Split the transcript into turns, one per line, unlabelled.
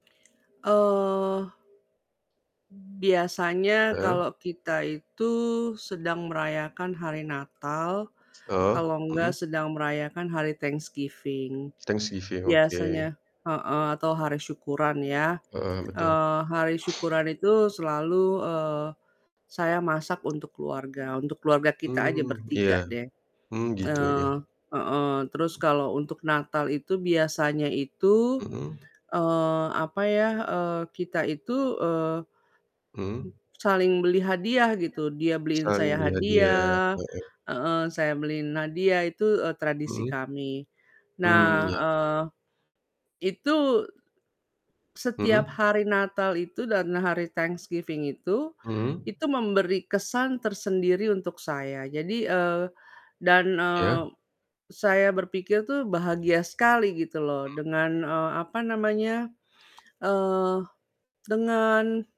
Eee, biasanya
Heeh.
kalau kita itu sedang merayakan hari Natal,
Heeh,
kalau enggak
mhm.
sedang merayakan hari Thanksgiving.
Thanksgiving, oke.
Biasanya heeh, atau hari syukuran ya,
Heeh. Betul.
eee, hari syukuran itu selalu, eee, saya masak untuk keluarga untuk keluarga kita aja
Mmm. Iya.
bertiga deh.
Hmm. Gitu ya.
Eee heeh, terus kalau untuk Natal itu biasanya itu,
Mhm.
eee, apa ya, eee, kita itu, eee, m
Mhm.
saling beli hadiah gitu, dia beliin
Saling
saya
beri hadiah
hadiah
heeh.
heeh, saya beliin hadiah, itu, eee, tradisi
Mhm.
kami. Nah,
Mmm, iya.
eee, itu setiap
Mhm.
hari Natal itu dan hari Thanksgiving itu,
Mhm.
itu memberi kesan tersendiri untuk saya, jadi eee, dan,
Ya.
eee, saya berpikir tuh bahagia sekali gitu loh,
Mhm.
dengan, eee, apa namanya, eee, dengan